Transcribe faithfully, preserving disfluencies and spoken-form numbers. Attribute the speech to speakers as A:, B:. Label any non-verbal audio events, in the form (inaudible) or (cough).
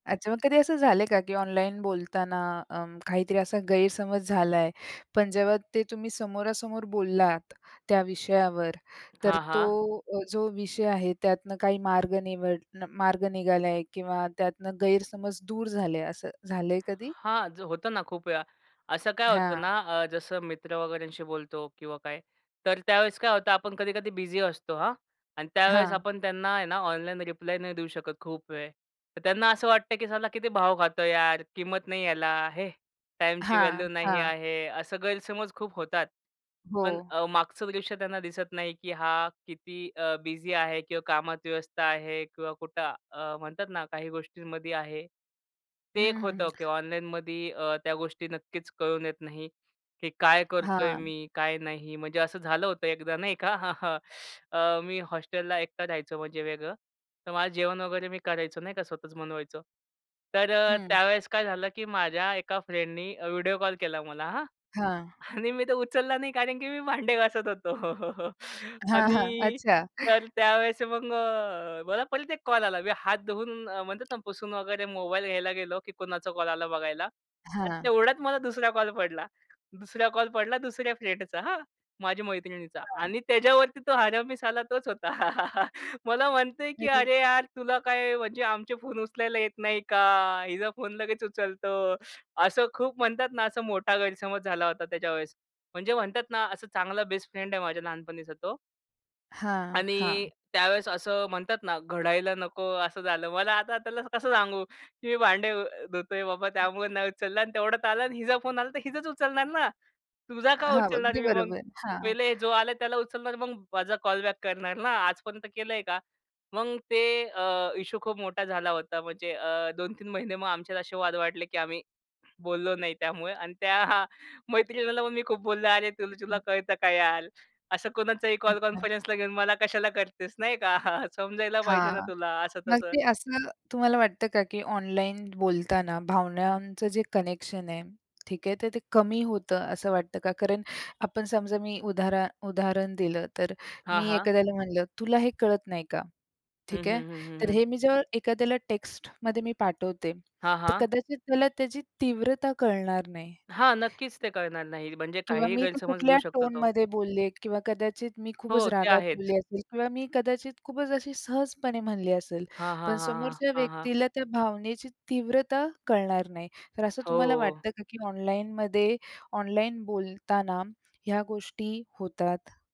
A: अच्छा, मग कधी असं झाले का, की ऑनलाइन बोलताना अं, काहीतरी असा गैरसमज झाला आहे, पण जेव्हा ते तुम्ही समोरासमोर बोललात त्या विषयावर, तर
B: हां,
A: तो
B: हां.
A: अ, जो विषय आहे त्यातनं काही मार्ग निवड मार्ग निघाला आहे किंवा त्यातनं गैरसमज दूर झाले, असं झालंय कधी?
B: हां, जर होतं ना, खूप वेळा. असं काय होतं
A: हां.
B: ना, अ, जसं मित्र वगैरेंशी बोलतो किंवा काय, तर त्यावेळेस काय होतं, आपण कधी-कधी बिझी असतो हां. अन त्यावेळेस
A: हां.
B: आपण त्यांना आहे ना, ऑनलाइन रिप्लाय नाही देऊ शकत खूप वेळ, तर त्यांना असं वाटतं की साला किती भाव खातो यार, किंमत नाही यायल हे टाईमची
A: हां,
B: व्हॅल्यू नाही
A: हां.
B: आहे, असं गैरसमज खूप होतात.
A: हो.
B: पण अ, मागचं दृश्य त्यांना दिसत नाही, की हा किती अ, बिझी आहे किंवा कामात व्यस्त आहे किंवा कुठं अ, म्हणतात ना, काही गोष्टींमध्ये आहे.
A: हं,
B: ते एक
A: हं, हं.
B: होतं, की ऑनलाइनमध्ये अ, त्या गोष्टी नक्कीच कळून येत नाही, की काय करतोय
A: हां.
B: मी, काय नाही. म्हणजे असं झालं होतं एकदा नाही का, (chuckles) अ, मी हॉस्टेलला एकटा राहायचो म्हणजे वेगळं. तर माझं जेवण वगैरे मी करायचो नाही का, स्वतःच बनवायचं. तर अ,
A: हं.
B: त्यावेळेस काय झालं, की माझ्या एका फ्रेंडनी व्हिडिओ कॉल केला मला हां.
A: हां.
B: आणि मी तर उचलला नाही, कारण की मी भांडे घासत होतो. (chuckles)
A: हां, हां,
B: आणि
A: अच्छा.
B: तर त्यावेळेस मग अ, मला परत एक कॉल आला. मी हात धुवून अ, म्हणतात ना, पुसून वगैरे मोबाईल घ्यायला गेलो, की कुणाचा कॉल आला बघायला आणि
A: हां.
B: तेवढ्यात मला दुसरा कॉल पडला. दुसरा कॉल पडला दुसऱ्या फ्रेंडचा हां, माझी मैत्रिणीचा.
A: हां.
B: आणि त्याच्यावरती तो हरामी साला तोच होता. (chuckles) मला म्हणतंय, की
A: अरे.
B: "अरे यार, तुला काय म्हणजे आमचे फोन उचलायला येत नाही का, हिचा फोन लगेच उचलतो." असं खूप म्हणतात ना, असं मोठा गैरसमज झाला होता त्याच्यावेळेस. म्हणजे म्हणतात ना, असा चांगला बेस्ट फ्रेंड आहे माझ्या लहानपणीचा तो.
A: हां,
B: आणि
A: हां.
B: त्यावेळेस असं म्हणतात ना, घडायला नको असं झालं. मला आता त्याला कसं सांगू, की मी भांडे धू धुतोय बाबा, त्यामुळे नाही उचलला. आणि तेवढ्यात आलं आणि हिचा फोन आला, तर हीचाच उचलणार ना, तुझा का
A: हां,
B: उचलणार
A: अगदी
B: मी मग?
A: बरोबर, हां.
B: पहिले जो आला त्याला उचलणार, मग माझा कॉल बॅक करणार ना, आजपर्यंत केलंय का? मग अ, ते अ, इशू खूप मोठा झाला होता. म्हणजे अ, दोन तीन महिने मग आमच्यात असे वाद वाढले, की आम्ही बोललो नाही त्यामुळे. आणि त्या (chuckles) मैत्रिणीला मग मी खूप बोललो, "अरे तुला, तुला कळतं का यार, असं कोणाचाही कॉल
A: अच्छा.
B: कॉन्फरन्सला घेऊन मला कशाला करतेस, नाही का? (chuckles) समजायला पाहिजे
A: हां,
B: ना तुला, असं
A: मग
B: तसं.
A: ते असं तुम्हाला वाटतं का की ऑनलाइन बोलताना भावनांचं जे कनेक्शन आहे, ठीक आहे. तर ते कमी होतं असं वाटतं का? कारण आपण समजा मी उदाहरण उदाहरण दिलं तर अ,
B: हां,
A: मी
B: हां.
A: एखाद्याला म्हटलं तुला हे कळत नाही का
B: हं,
A: ठीक आहे.
B: हं, हं, हं,
A: तर
B: हं.
A: हे मी जेव्हा एखाद्याला टेक्स्टमध्ये मी पाठवते,
B: हां,
A: तर
B: हां.
A: कदाचित त्याला त्याची तीव्रता कळणार नाही.
B: हां, नक्कीच ते कळणार नाही. म्हणजे
A: किंवा
B: काहीही
A: मी ते
B: गैरसमज
A: कुठल्या
B: घेऊ शकतो तो.
A: टोनमध्ये बोलले किंवा कदाचित मी खूपच
B: हो, ते
A: रागात
B: आहेच.
A: बोलले असेल किंवा मी कदाचित खूपच अशी सहजपणे म्हणली असेल,
B: हां, हां,
A: पण
B: हां, हां,
A: समोरच्या
B: हां, हां.
A: व्यक्तीला त्या भावनेची तीव्रता कळणार नाही. तर असं तुम्हाला
B: हो.
A: वाटतं का की ऑनलाइनमध्ये ऑनलाइन बोलताना ह्या गोष्टी होतात?